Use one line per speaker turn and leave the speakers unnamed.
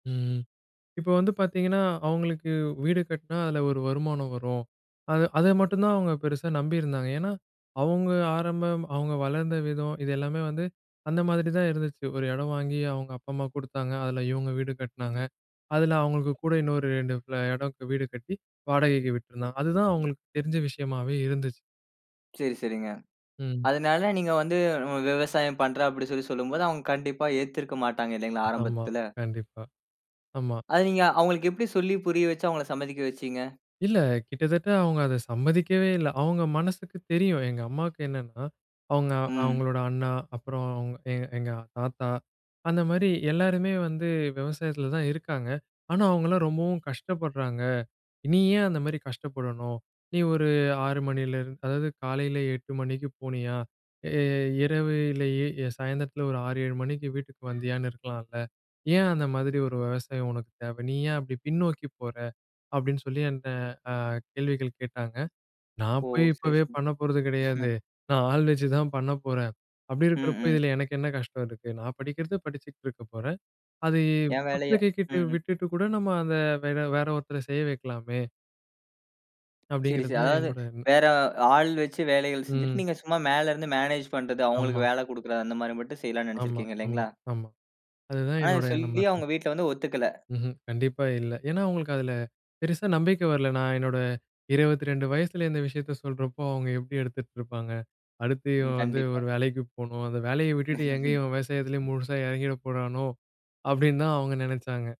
ம். இப்ப வந்து பார்த்தீங்கன்னா அவங்களுக்கு வீடு கட்டினா அதில ஒரு வருமானம் வரும். அதை அதை மட்டும் தான் அவங்க பெருசா நம்பியிருந்தாங்க. ஏன்னா அவங்க ஆரம்பம், அவங்க வளர்ந்த விதம், இது எல்லாமே வந்து அந்த மாரிதான் இருந்துச்சு. ஒரு இடம் வாங்கி அவங்க அப்பா அம்மா குடுத்தாங்க. அதில இவங்க வீடு கட்டினாங்க. அதில அவங்களுக்கு கூட இன்னொரு 2 ஃப்ல இடம் வீடு கட்டி வாடகைக்கு விட்டுருந்தாங்க. அதுதான் அவங்களுக்கு தெரிஞ்ச விஷயமாவே இருந்துச்சு.
சரி, சரிங்க.
ம்.
அதனால நீங்க வந்து விவசாயம் பண்றேன் அப்படின்னு சொல்லி சொல்லும்போது, அவங்க கண்டிப்பா ஏத்திருக்க மாட்டாங்க இல்லைங்களா
ஆமா.
ஆரம்பத்தில?
கண்டிப்பா, ஆமா.
அதை நீங்க, அவங்களுக்கு எப்படி சொல்லி புரிய வச்சு அவங்கள சம்மதிக்க வச்சீங்க?
இல்ல. கிட்டத்தட்ட அவங்க அதை சம்மதிக்கவே இல்லை. அவங்க மனசுக்கு தெரியும். எங்க அம்மாவுக்கு என்னன்னா அவங்க,
ம்.
அவங்களோட அண்ணா, அப்புறம் எங் எங்க ஆத்தா அந்த மாரி எல்லாருமே வந்து விவசாயத்தில தான் இருக்காங்க. ஆனா அவங்கலாம் ரொம்பவும் கஷ்டப்படுறாங்க. "நீ ஏன் அந்த மாரி கஷ்டப்படணும். நீ ஒரு 6 மணிலருந்து அதாவது காலையில் 8 மணிக்கு போனியா இ இரவிலேயே எ சாயந்திரத்தில ஒரு 6, 7 மணிக்கு வீட்டுக்கு வந்தியான்னு இருக்கலாம்ல. ஏன் அந்த மாதிரி ஒரு விவசாயம் உனக்கு தேவை? நீ ஏன் அப்படி பின்னோக்கி போற?" அப்படின்னு சொல்லி என்ட்ட அ கேள்விகள் கேட்டாங்க. "நான்
ஓ!
போய்
சரி,
இப்பவே
சரி.
பண்ண போறது கிடையாது. நான் ஆள் வச்சு தான் பண்ணப்போறேன். அப்படி
ம்.
இருக்கிறப்போ
ம்.
இதில எனக்கு என்ன கஷ்டம் இருக்கு? நான் படிக்கிறது படிச்சிட்டு இருக்கப் போறேன். அது
என் வேலைய
[unintelligible] கிட்ட
ம். ம்.
விட்டுட்டு கூட நம்ம அதை வேற வேற ஒருத்தரை செய்ய வைக்கலாமே?"
சரி, சரி.
அப்படிங்கிறது
அதாவது
என்னோட எண்ணம்.
வேற ஆள் வச்சு வேலைகள் செஞ்சுட்டு,
ம்.
நீங்க சும்மா மேல இருந்து மேனேஜ் பண்றது.
ஆமா.
அவங்களுக்கு வேல குடுக்கிறது. அந்த மாரி மட்டும் செய்யலான்னு
ஆமா,
நினைச்சிருக்கீங்க
ஆமா,
இல்லைங்களா?
ஆமா. அதுதான்
ஆனா இதை
என்னோட எண்ணமா
சொல்லியும்
இருந்தது.
உங்க வீட்ல வந்து ஒத்துக்கல.
ம்ஹ்ம். கண்டிப்பா இல்ல. ஏன்னா, அவங்களுக்கு அதில பெருசா நம்பிக்கை வரல. நான் என்னோட 22 வயசில இந்த விஷயத்த சொல்றப்போ அவங்க எப்படி எடுத்துட்டு இருப்பாங்க, "அடுத்து
ம்.
இவன் வந்து
கண்டிப்பா.
ஒரு வேலைக்கு போணும். அந்த வேலைய விட்டுட்டு எங்க இவன் விவசாயத்திலே முழுசா இறங்கிடப் போறானோ?" அப்படின்னு தான் அவங்க நினைச்சாங்க.